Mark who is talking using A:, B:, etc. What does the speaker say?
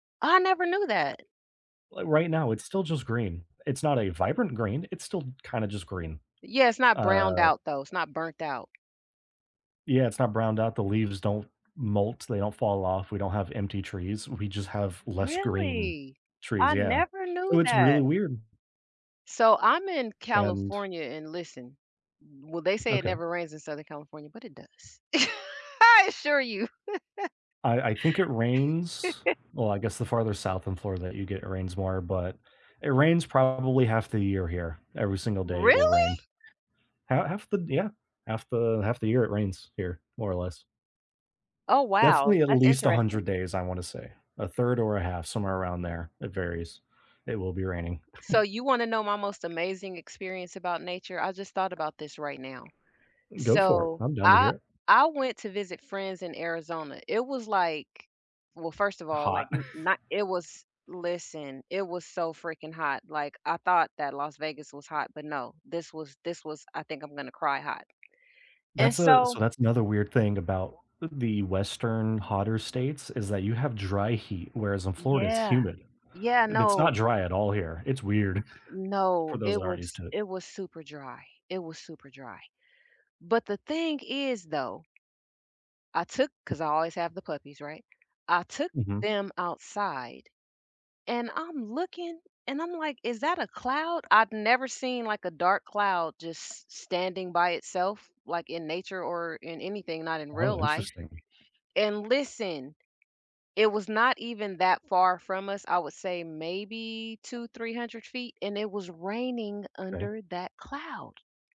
A: I never knew that.
B: Like right now, it's still just green. It's not a vibrant green, it's still kinda just green,
A: Yeah, it's not browned
B: uh
A: out though, it's not burnt out.
B: Yeah, it's not browned out, the leaves don't molt, they don't fall of, we don't have empty trees, we just have less green
A: Really?
B: trees,
A: I
B: yeah.
A: never
B: So
A: knew
B: it's really
A: that.
B: weird.
A: So I'm in
B: And
A: California and listen. Well, they say it
B: Okay.
A: never rains in Southern California, but it does. I assure you.
B: I I think it rains well I guess the farther south in Florida that you get, it rains more, but it rains probably half the year here. Every single day it will rain.
A: Really?
B: Ha half the yeah. Half the half the year it rains here, more or less.
A: Oh, wow,
B: Definitely at
A: that's
B: least a hundred
A: interesting.
B: days, I wanna say, a third or a half, somewhere around there, it varies. It will be raining.
A: So you wanna know my most amazing experience about nature? I just thought about this right now.
B: Go for it,
A: So,
B: I'm down to hear
A: I
B: it.
A: I went to visit friends in Arizona, it was, like well, first of all, like,
B: Hot.
A: n not it was listen, it was so freaking hot, like, I thought that Las Vegas was hot, but no, this was this was I think I'm gonna cry hot. And
B: That's a
A: so
B: so that's another weird thing about the Western hotter states is that you have dry heat, whereas in Florida, it's
A: Yeah,
B: humid.
A: yeah,
B: Th it's not
A: no.
B: dry at all here, it's weird for
A: No,
B: those
A: it
B: that aren't used
A: was
B: to it.
A: it was super dry. It was super dry. But the thing is though I took, 'cause I always have the puppies, right? I took
B: Mhm.
A: them outside and I'm looking and I'm, like, "Is that a cloud?" I've never seen, like, a dark cloud just s standing by itself, like, in nature or in anything, not in real
B: Oh,
A: life.
B: interesting.
A: And listen, it was not even that far from us, I would say maybe two, three hundred feet, and it was raining
B: Kay.
A: under that cloud.